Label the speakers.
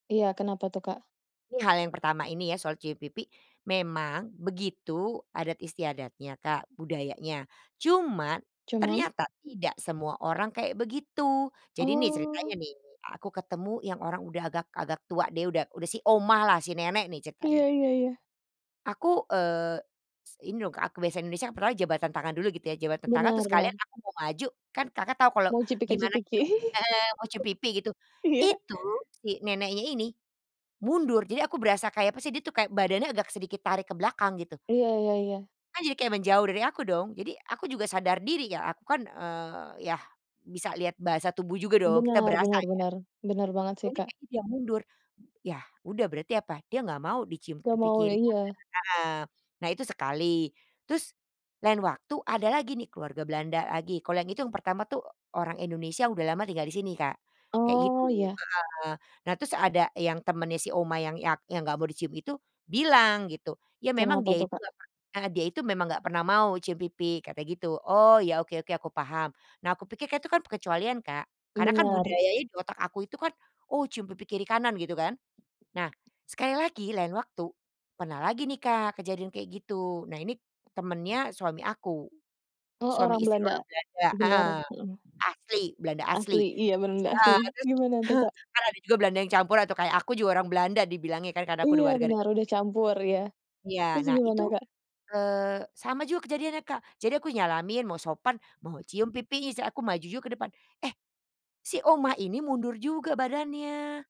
Speaker 1: Iya, kenapa tuh Kak?
Speaker 2: Ini hal yang pertama, ini ya, soal cium pipi. Memang, begitu adat istiadatnya Kak, budayanya. Cuman,
Speaker 1: Cuman?
Speaker 2: ternyata tidak semua orang kayak begitu. Jadi nih, ceritanya
Speaker 1: Oh.
Speaker 2: nih, aku ketemu yang orang udah agak agak tua deh, udah udah si oma lah, si nenek nih, ceritanya.
Speaker 1: Iya iya iya.
Speaker 2: Aku, eee, s ini loh Kak aku biasanya di Indonesia kan, pertamanya jabatan tangan dulu, gitu ya, jabatan tangan,
Speaker 1: Benar
Speaker 2: terus
Speaker 1: benar.
Speaker 2: sekalian aku mau maju, kan Kakak tau kalau,
Speaker 1: Mau,
Speaker 2: gimana
Speaker 1: cipika-cipiki.
Speaker 2: kita heeh, mau cium pipi, gitu.
Speaker 1: Iya.
Speaker 2: Itu, si neneknya ini, mundur, jadi aku berasa kayak, apa sih, dia tuh kayak, badannya agak sedikit tarik ke belakang, gitu.
Speaker 1: Iya iya iya.
Speaker 2: Kan jadi kayak menjauh dari aku dong, jadi aku juga sadar diri ya, aku kan, eee, yah, bisa lihat bahasa tubuh juga dong, kita
Speaker 1: Benar
Speaker 2: berasa
Speaker 1: benar
Speaker 2: ya,
Speaker 1: benar. Benar banget
Speaker 2: kok
Speaker 1: sih
Speaker 2: ini
Speaker 1: Kak.
Speaker 2: bikin dia mundur, ya, udah berarti apa, dia enggak mau dicium
Speaker 1: Nggak
Speaker 2: pipi
Speaker 1: mau ya
Speaker 2: kiri-kanan
Speaker 1: iya.
Speaker 2: heeh. Nah itu sekali, terus, lain waktu ada lagi nih keluarga Belanda lagi, kalau yang itu, yang pertama tuh, orang Indonesia udah lama tinggal di sini Kak, kayak gitu
Speaker 1: Oh, iya.
Speaker 2: heeh. Nah, terus ada yang temennya si oma yang yang enggak mau dicium itu bilang, gitu, "Ya memang
Speaker 1: Kenapa
Speaker 2: dia
Speaker 1: tuh
Speaker 2: itu
Speaker 1: Kak?
Speaker 2: enggak pernah heeh, dia itu memang nggak pernah mau mau cium pipi," katanya, gitu, "Oh ya, oke oke, aku paham." Nah aku pikir itu kan, perkecualian Kak, karena kan
Speaker 1: Benar.
Speaker 2: budaya di otak aku itu kan, "Oh, cium pipi kiri-kanan," gitu kan. Nah, sekali lagi lain waktu, pernah lagi nih Kak, kejadian kayak gitu, nah ini temennya suami aku.
Speaker 1: Oh,
Speaker 2: Suami
Speaker 1: orang
Speaker 2: istri orang
Speaker 1: Belanda?
Speaker 2: Belanda
Speaker 1: Benar,
Speaker 2: heeh,
Speaker 1: mhm.
Speaker 2: asli, Belanda asli
Speaker 1: Asli iya, benar-benar asli.
Speaker 2: heeh. Terus
Speaker 1: Gimana tuh Kak?
Speaker 2: kan ada juga Belanda yang campur atau kayak aku juga orang Belanda dibilangnya kan, karena aku
Speaker 1: Iya,
Speaker 2: udah warga
Speaker 1: benar,
Speaker 2: negara.
Speaker 1: udah
Speaker 2: [unintelligible]
Speaker 1: campur ya?
Speaker 2: Iya,
Speaker 1: Terus
Speaker 2: nah itu,
Speaker 1: gimana Kak?
Speaker 2: eee, sama juga kejadiannya Kak, jadi aku nyalamin, mau sopan, mau cium pipi, se aku maju juga ke depan. Eh, si oma ini mundur juga badannya.